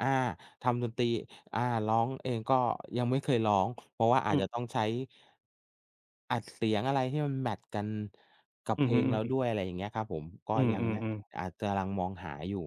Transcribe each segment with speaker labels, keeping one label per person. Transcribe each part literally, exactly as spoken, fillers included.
Speaker 1: อา ทำดนตรี อ่า ร้องเองก็ยังไม่เคยร้อง เพราะว่าอ
Speaker 2: อ
Speaker 1: า
Speaker 2: ื
Speaker 1: จจะ
Speaker 2: ม
Speaker 1: ต้องใช้ อัดเสียงอะไรที่มันแมตช์กันกับ
Speaker 2: อื
Speaker 1: เพ
Speaker 2: อฮ
Speaker 1: ล
Speaker 2: ึ
Speaker 1: งเราด
Speaker 2: ๆ
Speaker 1: ้วย อะไรอย่างเงี้ยครับผม ก็
Speaker 2: อื
Speaker 1: ยังนะ
Speaker 2: อ ๆ ๆ
Speaker 1: อาจจะลัง มองหาอยู่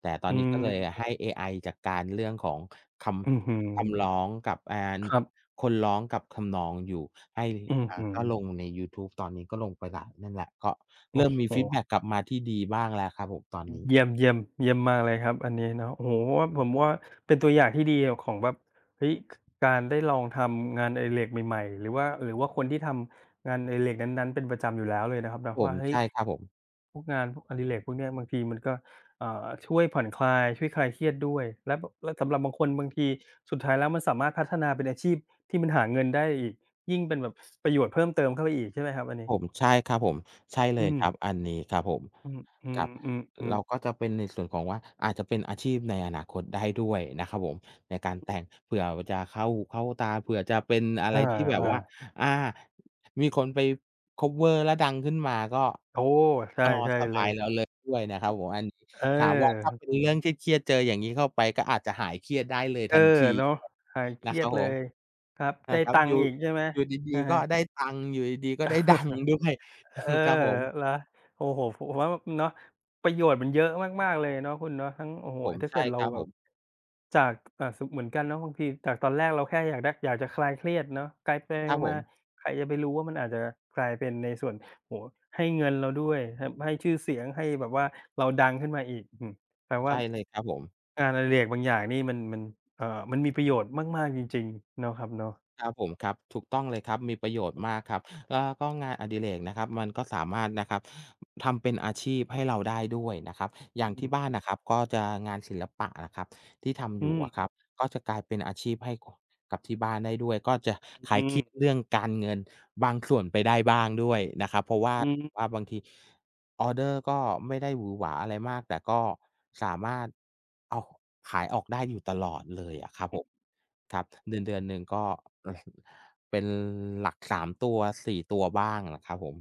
Speaker 1: แต่ตอ
Speaker 2: อื
Speaker 1: นนี้ก
Speaker 2: ม
Speaker 1: ็เลยให้เอไอจัดการเรื่องของค
Speaker 2: อือฮึ
Speaker 1: ำ คำร้องกับ อ่า
Speaker 2: ครับ
Speaker 1: คนร้องกับทำนองอยู่ให้
Speaker 2: อือ
Speaker 1: อ่า
Speaker 2: ฮึ
Speaker 1: ก็ลงในยูทูบ ตอนนี้ก็ลงไปแล้ว นั่นแหละ ก็
Speaker 2: โอ
Speaker 1: เร
Speaker 2: ้
Speaker 1: ิ่มมี
Speaker 2: โ
Speaker 1: ฟีด
Speaker 2: ฮ
Speaker 1: แบ็กกลับมาที่ดีบ้างแล้วครับผมตอนนี้
Speaker 2: เยี่ยม ๆ เยี่ยมมากเลยครับอันนี้เนาะ โอ้โฮ ว่า ผมว่าเป็นตัวอย่างที่ดีของแบบ เฮ้ย ค การได้ลองทำงานอดิเรกใหม่ ๆ หรือว่า หรือว่าคนที่ทำงานอดิเรกนั้น ๆ เป็นประจำอยู่แล้วเลยนะครับเนาะ
Speaker 1: ผ
Speaker 2: ว่า
Speaker 1: ม
Speaker 2: เฮ
Speaker 1: ใ
Speaker 2: ้
Speaker 1: ช
Speaker 2: ย
Speaker 1: ่ครับผม
Speaker 2: พวกงานพวก อดิเรกพวกเนี้ยบางทีมันก็ อ่า ช่วยผ่อนคลาย ช่วยคลายเครียดด้วย แล้ว บ แล้วสำหรับบางคนบางทีสุดท้ายแล้วมันสามารถพัฒนาเป็นอาชีพที่มันหาเงินได้อีก ยิ่งเป็นแบบประโยชน์เพิ่มเติมเข้าไปอีก ใช่ไหมครับอันนี
Speaker 1: ผ
Speaker 2: ้?
Speaker 1: ม ใช่ครับผม ใช่เ
Speaker 2: อ
Speaker 1: ล
Speaker 2: ื
Speaker 1: ยครั
Speaker 2: ม
Speaker 1: บ อันนี้ครับผม
Speaker 2: อื
Speaker 1: ครับ
Speaker 2: อ
Speaker 1: เรา
Speaker 2: ๆ ๆ ๆ
Speaker 1: ก็จะเป็นในส่วนของว่า อาจจะเป็นอาชีพในอนาคตได้ด้วยนะครับผมในการ
Speaker 2: อ
Speaker 1: แต
Speaker 2: ือ
Speaker 1: ่ง เผื่อจะเข้า เข้าตา เผื่อจะเป็นอะ
Speaker 2: เอ
Speaker 1: ไร
Speaker 2: อ
Speaker 1: ที่แบบว่า
Speaker 2: ๆ
Speaker 1: อ่า มีคนไป คัฟเวอร์ แล้วดังขึ้นมาก็
Speaker 2: โอ้ ใช่
Speaker 1: อ๋อ
Speaker 2: ใช่
Speaker 1: สบ
Speaker 2: เล
Speaker 1: า
Speaker 2: ย
Speaker 1: ยแล้วเลยด้วยนะครับผมอันนี้
Speaker 2: เออ
Speaker 1: ถามว่าถ้าเป็นเรื่องเครียด ๆ เจออย่างงี้เข้าไปก็อาจจะหายเครียดได้เลย
Speaker 2: เอ
Speaker 1: ท
Speaker 2: อ
Speaker 1: ันที
Speaker 2: เนาะ หายเค
Speaker 1: น
Speaker 2: ร
Speaker 1: ะ
Speaker 2: ี
Speaker 1: ค
Speaker 2: ย
Speaker 1: รั
Speaker 2: ด
Speaker 1: บ
Speaker 2: เ
Speaker 1: ผ
Speaker 2: ล
Speaker 1: ม
Speaker 2: ย ครับ
Speaker 1: น
Speaker 2: ได้
Speaker 1: ะครั
Speaker 2: ต
Speaker 1: บ
Speaker 2: ั
Speaker 1: อ
Speaker 2: งค
Speaker 1: ยู
Speaker 2: ์
Speaker 1: ่
Speaker 2: อีกใช่ไหม
Speaker 1: อยู่ดี
Speaker 2: อะ
Speaker 1: ๆ ก
Speaker 2: ฮ
Speaker 1: ็
Speaker 2: ะ
Speaker 1: ได้ตังค์ อยู่ดี ๆ ก็ได้ ดัง ด้วย
Speaker 2: เออ
Speaker 1: ครับผม
Speaker 2: เหรอ? โอ้โฮ ผมว่าแบบ เนาะ ประโยชน์มันเยอะมาก ๆ เลยเนาะ คุณเนาะ ทั้ง โอ้โฮ
Speaker 1: ผม
Speaker 2: ถ้า
Speaker 1: ใช
Speaker 2: เก
Speaker 1: ่
Speaker 2: ิดเร
Speaker 1: ค
Speaker 2: า
Speaker 1: รับ
Speaker 2: แบ
Speaker 1: ผ
Speaker 2: บ
Speaker 1: ม
Speaker 2: จาก อา สม เหมือนกันเนาะ บางทีจากตอนแรกเราแค่อยากได้ อยากจะคลายเครียดเนาะ กลาย ไป
Speaker 1: ครับผ
Speaker 2: ๆ มา
Speaker 1: ม
Speaker 2: ๆ ใครจะไปรู้ว่ามันอาจจะกลายเป็นในส่วน โอ้โฮ ให้เงินเราด้วย ทำให้ชื่อเสียง ให้แบบว่าเราดังขึ้นมาอีก อือฮึ แปลว
Speaker 1: ใ
Speaker 2: ่
Speaker 1: ช
Speaker 2: า
Speaker 1: ่เลยครับผม
Speaker 2: งานอดิเรกบางอย่างนี่มัน มัน อ่า มันมีประโยชน์มาก ๆ จริง ๆ เนาะครับเนาะ
Speaker 1: ครับผม ครับ ถูกต้อง เลยครับ มีประโยชน
Speaker 2: อื
Speaker 1: ์
Speaker 2: อ
Speaker 1: มากครับ แล้วก็งานอดิเรกนะครับ มันก็สามารถนะครับทำเป็นอาชีพให้เราได้ด้วยนะครับ อย่
Speaker 2: อื
Speaker 1: างที่บ
Speaker 2: ม
Speaker 1: ้านนะครับก็จะ งานศิลปะนะครับที่ทำ
Speaker 2: อื
Speaker 1: อยู่อ
Speaker 2: ม
Speaker 1: ะครับ ก็จะกลายเป็นอาชีพให้ ค กับที่บ้านได้ด้วย ก็จะค
Speaker 2: อ
Speaker 1: ล
Speaker 2: ื
Speaker 1: ายเคีย
Speaker 2: ม
Speaker 1: ดเรื่องการเงินบางส่วนไปได้บ้างด้วยนะครับ เพราะว่า
Speaker 2: อืม
Speaker 1: ว่าบางทีออร์เดอร์ก็ไม่ได้หวือหวาอะไรมาก แต่ก็สามารถ อ้าว ขายออกได้อยู่ตลอดเลยอะครับ
Speaker 2: อ
Speaker 1: ผ
Speaker 2: ืม
Speaker 1: ม ครับ เดือน ๆ หนึ่งก็ เป็นหลัก สาม ตัว สี่ ตัวอะบ้างครับผม